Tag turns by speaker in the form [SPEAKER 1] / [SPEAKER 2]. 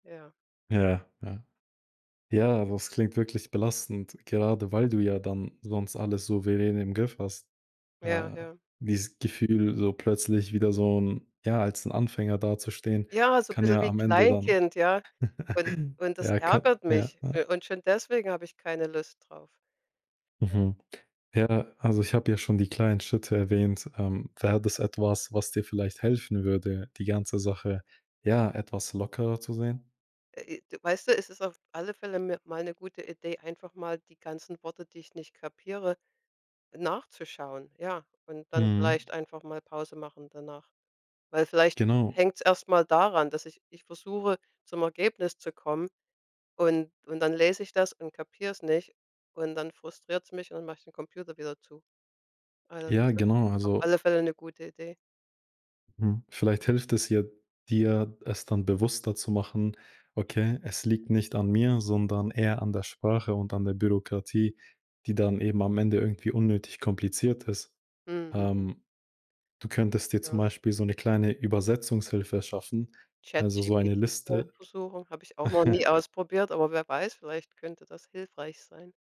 [SPEAKER 1] Ja.
[SPEAKER 2] Ja, ja. Ja, das klingt wirklich belastend, gerade weil du ja dann sonst alles so [unintelligible] im Griff hast.
[SPEAKER 1] Ja,
[SPEAKER 2] Äh,
[SPEAKER 1] ja.
[SPEAKER 2] dieses Gefühl, so plötzlich wieder so 'n ja, als 'n Anfänger dazustehen,
[SPEAKER 1] Ja, so 'n
[SPEAKER 2] kann
[SPEAKER 1] bisschen
[SPEAKER 2] ja
[SPEAKER 1] wie
[SPEAKER 2] am Ende dann
[SPEAKER 1] Kleinkind, ja. Und und das
[SPEAKER 2] ja, ka
[SPEAKER 1] ärgert
[SPEAKER 2] Ja,
[SPEAKER 1] mich.
[SPEAKER 2] ja.
[SPEAKER 1] U und schon deswegen hab ich keine Lust drauf. Ja.
[SPEAKER 2] Mhm. Ja, also ich habe ja schon die kleinen Schritte erwähnt. Ähm, wäre das etwas, was dir vielleicht helfen würde, die ganze Sache, ja, etwas lockerer zu sehen?
[SPEAKER 1] Äh, i Weißt du, es ist auf alle Fälle mi mal 'ne gute Idee, einfach mal die ganzen Worte, die ich nicht kapiere, nachzuschauen, ja. Und dann
[SPEAKER 2] Mhm.
[SPEAKER 1] vielleicht einfach mal Pause machen danach. Weil vielleicht
[SPEAKER 2] Genau.
[SPEAKER 1] hängt's erst mal daran, dass ich mich versuche, zum Ergebnis zu kommen, und und dann lese ich das und kapier's nicht. Und dann frustriert's mich, und mache ich den Computer wieder zu. Also, das
[SPEAKER 2] Ja
[SPEAKER 1] ist
[SPEAKER 2] genau,
[SPEAKER 1] auf
[SPEAKER 2] also
[SPEAKER 1] alle Fälle 'ne gute Idee.
[SPEAKER 2] Mhm, vielleicht hilft es hier dir, es dann bewusster zu machen: „Okay, es liegt nicht an mir, sondern eher an der Sprache und an der Bürokratie, die dann eben am Ende irgendwie unnötig kompliziert ist.“
[SPEAKER 1] Mhm, mhm.
[SPEAKER 2] Ähm, du könntest dir zum
[SPEAKER 1] Ja.
[SPEAKER 2] Beispiel so ’ne kleine Übersetzungshilfe schaffen, also so eine
[SPEAKER 1] ChatGPT mal
[SPEAKER 2] Liste.
[SPEAKER 1] versuchen- habe ich auch noch nie ausprobiert, aber wer weiß, vielleicht könnte das hilfreich sein.